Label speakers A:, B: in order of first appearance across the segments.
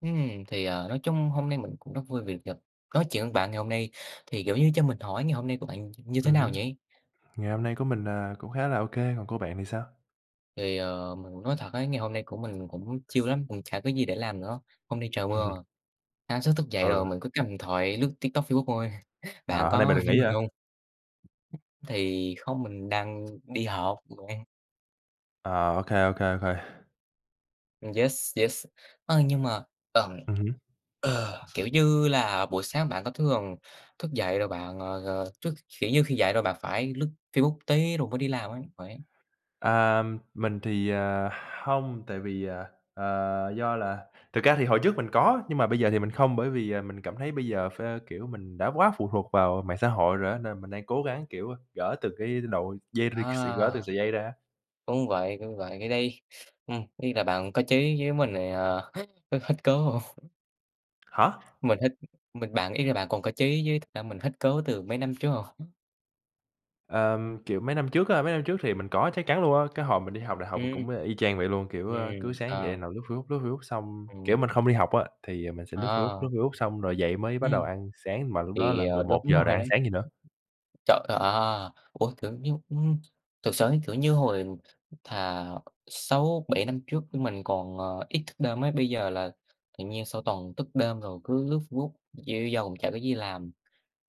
A: Ừm, thì, ờ, nói chung hôm nay mình cũng rất vui vì được gặp nói chuyện với bạn ngày hôm nay. Thì, kiểu như, cho mình hỏi ngày hôm nay của bạn như thế
B: Ừm
A: nào
B: hứm.
A: nhỉ?
B: Ngày hôm nay của mình, à, cũng khá là ô kê, còn của bạn thì sao?
A: Thì, ờ, mình cũng nói thật ấy, ngày hôm nay của mình cũng chill lắm, cũng chả có gì để làm nữa. Hôm nay trời mưa, sáng sớm thức dậy rồi
B: Ừ.
A: mình cứ cầm điện thoại lướt TikTok, Facebook thôi, bạn
B: À, hôm nay mình
A: có
B: được
A: như
B: nghỉ
A: mình
B: hả?
A: hông? Thì không mình đang đi học mà.
B: À, ô kê, ô kê, ô kê.
A: Yes, yes, ơ, nhưng mà tầm,
B: Ừm hứm.
A: ờ, kiểu như là, buổi sáng bạn có thường thức dậy rồi bạn, ờ, ờ, thức kiểu như, khi dậy rồi bạn phải lướt Facebook tí rồi mới đi làm á? Khỏe.
B: À, mình thì, à, hông, tại vì, à, ờ, do là thực ra thì hồi trước mình có nhưng mà bây giờ thì mình không bởi vì, à, mình cảm thấy bây giờ phê, kiểu, mình đã quá phụ thuộc vào mạng xã hội rồi á, nên mình đang cố gắng, kiểu, a, gỡ từ cái đội dây rịt s
A: À.
B: gỡ từng sợi dây ra.
A: Đúng vậy, đúng vậy, cái đấy ừm, ý là bạn có chí với mình thì, à, hết hết cứu.
B: Hả?
A: Mình hết mình bạn ý là bạn còn có chí với thật ra mình hết cứu từ mấy năm trước rồi.
B: Ờm, kiểu, mấy năm trước á, mấy năm trước thì mình có chắc chắn luôn á, cái hồi mình đi học đại học mình
A: Ừm.
B: cũng, ơ, y chang vậy luôn. Kiểu, a, cứ
A: Ừm,
B: sáng dậy
A: à.
B: nằm lướt Facebook, lướt Facebook xong kiểu,
A: Ừm.
B: mình không đi học á thì, à, mình sẽ lướt Facebook,
A: À.
B: lướt Facebook xong rồi dậy mới bắt đầu
A: Ừm.
B: ăn sáng mà lúc đó
A: Thì,
B: là
A: ờ,
B: mười một
A: đúng
B: giờ rồi
A: rồi
B: ăn
A: đấy.
B: sáng gì nữa.
A: Trời, à! Ủa, tưởng như ưm, thực sự ấy, kiểu như, hồi thà 6,7 năm trước mình còn, ờ, ít thức đêm ấy, bây giờ là tự nhiên sau toàn thức đêm rồi cứ lướt Facebook dễ dầu chả có gì làm.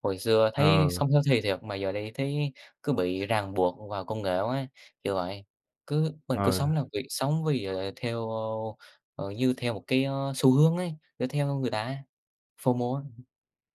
A: Hồi xưa
B: Ờ.
A: thấy sống healthy thiệt mà giờ đây thấy cứ bị ràng buộc vào công nghệ quá, kiểu vậy, cứ mình cứ
B: Ờ.
A: sống là vì sống vì theo ơ, ờ, dư theo một cái, a, xu hướng ấy để theo người ta á, FOMO á.